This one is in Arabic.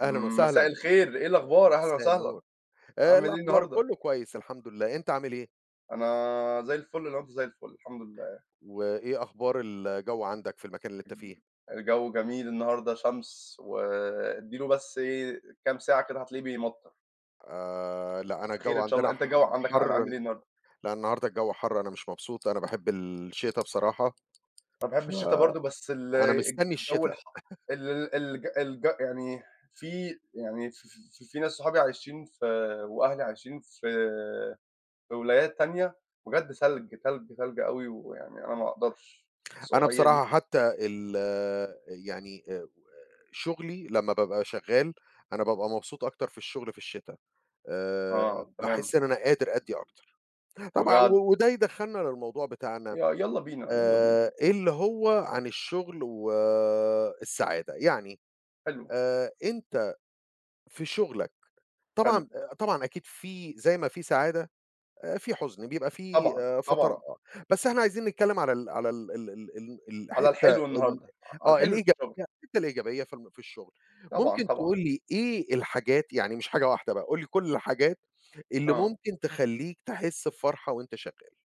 أهلًا وسهلًا، مساء الخير إيه أ الأخبار؟ أهلًا مساء وسهلًا، النور، عامل إيه الأخبار النهارده؟ كُلّه كويس الحمد لله، أنت عامل إيه؟ أنا زَي الفل لو أنت زَي الفل، الحمد لله. وإيه أخبار الجو عندك في المكان اللي أنت فيه؟ الجو جميل النهارده شمس، و ادّي له بس إيه كام ساعة كده هتلاقيه بيمطّر. آآ، لأ، أنا الجو خير إن شاء الله، عندنا أنت ح الجو عندك عا حَرّ، عامل إيه النهارده؟ لأ النهارده الجو حَرّ، أنا مش مبسوط، أنا باحب الشتا بصراحة، أنا باحب ف الشتا برضه، بس ال أنا مستني الجو الشتا. الحَرّ ال الج الج يعني في يعني في في في ناس صحابي عايشين في وأهلي عايشين في في ولايات تانية، بجد تلج، تلج، تلج أوي، ويعني أنا ما اقدَرش أنا السقوعية بصراحة دي. حتى ال يعني آآ، شغلي لمّا بابقى شغّال أنا بابقى مبسوط أكتر في الشغل في الشتا، آآ، آه، تمام. باحس إن أنا قادر أدّي أكتر، طبعًا بجد؟ و وده يدخّلنا للموضوع ي بتاعنا يالّا بينا، يالّا بينا. آآ، اللي هو عن الشغل و السعادة يعني حلو. آآ، أنت في شغلك حلو. طبعًا، طبعًا أكيد فيه زَي ما فيه سعادة، فيه حُزن بيبقى فيه طبعًا، فترا طبعًا. بس إحنا عايزين نتكلّم على ال على ال ال ال على الحتّة الحلو ال النهارده، ع على آه الحلو اللي في الإيجابية الشغل. الحتّة الإيجابية في الم في الشغل، طبعًا، ممكن تقول طبعًا. لي إيه الحاجات يعني مش حاجة واحدة بقى، قُل لي كُلّ الحاجات اللي آه. ممكن تخلّيك تحس بفرحة وأنت شغّال؟